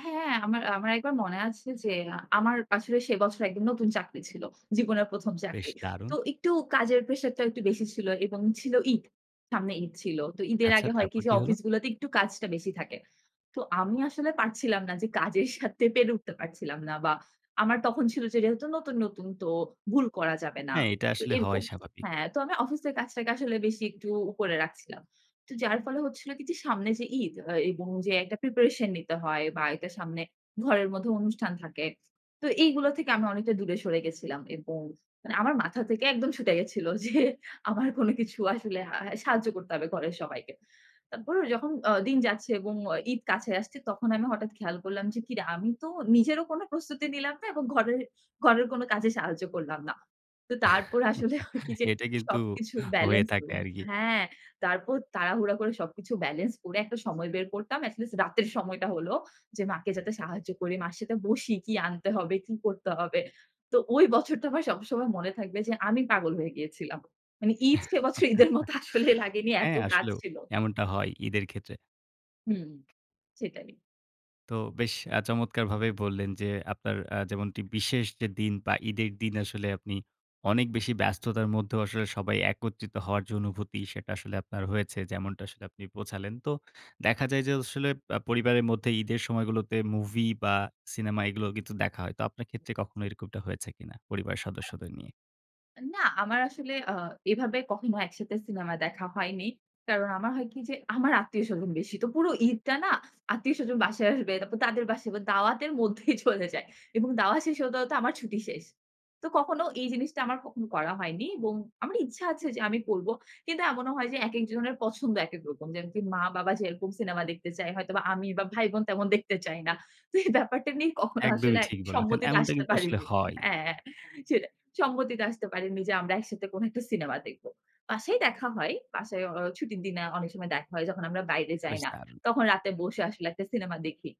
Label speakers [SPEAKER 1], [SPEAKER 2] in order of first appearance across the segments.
[SPEAKER 1] হ্যাঁ, আমার আমার একবার মনে আছে যে, আমার আসলে সে বছর একদম নতুন চাকরি ছিল। জীবনের ১ম
[SPEAKER 2] বেশ
[SPEAKER 1] চাকরি।
[SPEAKER 2] দারুন!
[SPEAKER 1] তো একটু কাজের প্রেশারটাও একটু বেশি ছিল এবং ছিল ঈদ, সামনে ঈদ ছিল। তো ঈদের
[SPEAKER 2] আচ্ছা,
[SPEAKER 1] আগে হয় কি
[SPEAKER 2] তারপর
[SPEAKER 1] যে,
[SPEAKER 2] কি হল?
[SPEAKER 1] অফিস গুলাতে একটু কাজটা বেশি থাকে। তো আমি আসলে পারছিলাম না যে কাজের সাথে পেরে উঠতে পারছিলাম না বা আমার তখন ছিল যে যেহেতু নতুন, নতুন তো, ভুল করা যাবে না।
[SPEAKER 2] হ্যাঁ, এটা
[SPEAKER 1] তো
[SPEAKER 2] আসলে
[SPEAKER 1] এরকম
[SPEAKER 2] হওয়াই স্বাভাবি
[SPEAKER 1] হ্যাঁ, তো আমি অফিসের কাজটাকে আসলে বেশি একটু উপরে রাখছিলাম। তো যার ফলে হচ্ছিল কি যে, সামনে যে ঈদ আ এবং যে একটা প্রিপারেশন নিতে হয় বাড়িতে সামনে ঘরের মধ্যে অনুষ্ঠান থাকে। তো এইগুলো থেকে আমি অনেকটা দূরে সরে গেছিলাম এবং মানে আমার মাথা থেকে একদম ছুটে গেছিল যে আমার কোন কিছু আসলে আ হ্যাঁ সাহায্য করতে হবে ঘরের সবাইকে। তারপর যখন আ দিন যাচ্ছে এবং আ ঈদ কাছে আসছে, তখন আমি হঠাৎ খেয়াল করলাম যে, "কি রে! আমি তো নিজেরও কোনো প্রস্তুতি নিলাম না এবং ঘরের ঘরের কোন কাজে সাহায্য করলাম না।" তো তারপর আসলে হয় কি যে,
[SPEAKER 2] এটা কিন্তু,
[SPEAKER 1] সবকিছু
[SPEAKER 2] হয়ে
[SPEAKER 1] ব্যালেন্স ক
[SPEAKER 2] থাকে আর কি।
[SPEAKER 1] হ্যাঁ! তারপর তাড়াহুড়া করে সবকিছু ব্যালেন্স করে একটা সময় বের করতাম, এটলিস্ট রাতের সময়টা হলো যে, মাকে যাতে সাহায্য করি, মার সাথে বসি, "কি আনতে হবে, কি করতে হবে?" তো ঐ বছরটা আমার সবসময় মনে থাকবে যে, আমি পাগল হয়ে গিয়েছিলাম। মানে ঈদ সে বছর ঈদের মতো আসলে লাগেনি এত
[SPEAKER 2] হ্যাঁ
[SPEAKER 1] কাজ
[SPEAKER 2] আসলেও!
[SPEAKER 1] ছিল।
[SPEAKER 2] এমনটা হয় ঈদের ক্ষেত্রে।
[SPEAKER 1] হুম, সেটাই।
[SPEAKER 2] তো বেশ আ চমৎকারভাবে বললেন যে, আপনার আ যেমনটি বিশেষ যে দিন বা ঈদের দিন আসলে, আপনি অনেক বেশি ব্যস্ততার মধ্যেও আসলে সবাই একত্রিত হওয়ার যে অনুভূতি, সেটা আসলে আপনার হয়েছে। যেমনটা আপনি বোঝালেন। তো দেখা যায় যে, আসলে আ পরিবারের মধ্যে ঈদের সময়গুলোতে, মুভি বা সিনেমা এগুলো কিন্তু দেখা হয়। তো আপনার ক্ষেত্রে কখনো এরকমটা হয়েছে কি না, পরিবারের সদস্যদের নিয়ে?
[SPEAKER 1] অ্যা না, আমার আসলে আ এভাবে কখনো একসাথে সিনেমা দেখা হয়নি। কারণ আমার হয় কি যে, আমার আত্মীয়-স্বজন বেশি। তো পুরো ঈদটা না? আত্মীয়-স্বজন বাসায় আসবে, তারপর তাদের বাসায় ব দাওয়াতের মধ্যেই চলে যায়। এবং দাওয়া শেষ হতে, হতে আমার ছুটি শেষ। তো কখনো এই জিনিসটা, আমার কখনো করা হয়নি এবং আমার ইচ্ছা আছে যে, আমি করব। কিন্তু এমনও হয় যে, একেক জনের পছন্দ, একেক রকম। যেমনকি মা-বাবা যেরকম সিনেমা দেখতে চায়, হয়তোবা আমি বা ভাই-বোন তেমন দেখতে চাই না। তো এই ব্যাপারটা নিয়ে কখনো আসলে
[SPEAKER 2] একদমই ঠিক
[SPEAKER 1] একই
[SPEAKER 2] বলেছেন।
[SPEAKER 1] সম্মতিতে
[SPEAKER 2] এমনটা
[SPEAKER 1] আসতে
[SPEAKER 2] কিন্তু আসলে
[SPEAKER 1] পারিনি
[SPEAKER 2] হয়।
[SPEAKER 1] হ্যাঁ, সেটা সম্মতিতে আসতে পারিনি যে, আমরা একসাথে কোনো একটা সিনেমা দেখব। বাসায় দেখা হয়। বাসায় অ ছুটির দিনে অনেক সময় দেখা হয়। যখন আমরা বাইরে যাই
[SPEAKER 2] বেশ
[SPEAKER 1] না।
[SPEAKER 2] দারুণ!
[SPEAKER 1] তখন রাতে বসে আসলে একটা সিনেমা দেখি।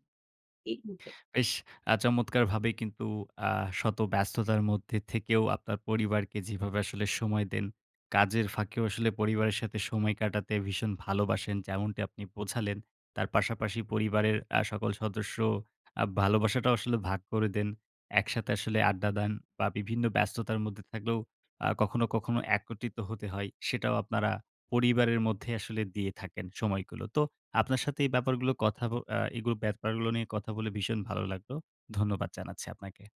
[SPEAKER 1] এই [unintelligible] টাই।
[SPEAKER 2] বেশ আ চমৎকারভাবে কিন্তু, আ শত ব্যস্ততার মধ্যে থেকেও আপনার পরিবারকে যেভাবে আসলে সময় দেন, কাজের ফাঁকেও আসলে পরিবারের সাথে সময় কাটাতে ভীষণ ভালোবাসেন, যেমনটি আপনি বোঝালেন। তার পাশাপাশি পরিবারের আ সকল সদস্য আ ভালোবাসাটাও আসলে ভাগ করে দেন। একসাথে আসলে আড্ডা দেন বা বিভিন্ন ব্যস্ততার মধ্যে থাকলেও আ কখনো, কখনো একত্রিত হতে হয়। সেটাও আপনারা পরিবারের মধ্যে আসলে দিয়ে থাকেন, সময়গুলো। তো আপনার সাথে এই ব্যাপারগুলো কথা ব আ এগুলো ব্যাপারগুলো নিয়ে কথা বলে, ভীষণ ভালো লাগলো। ধন্যবাদ জানাচ্ছি আপনাকে।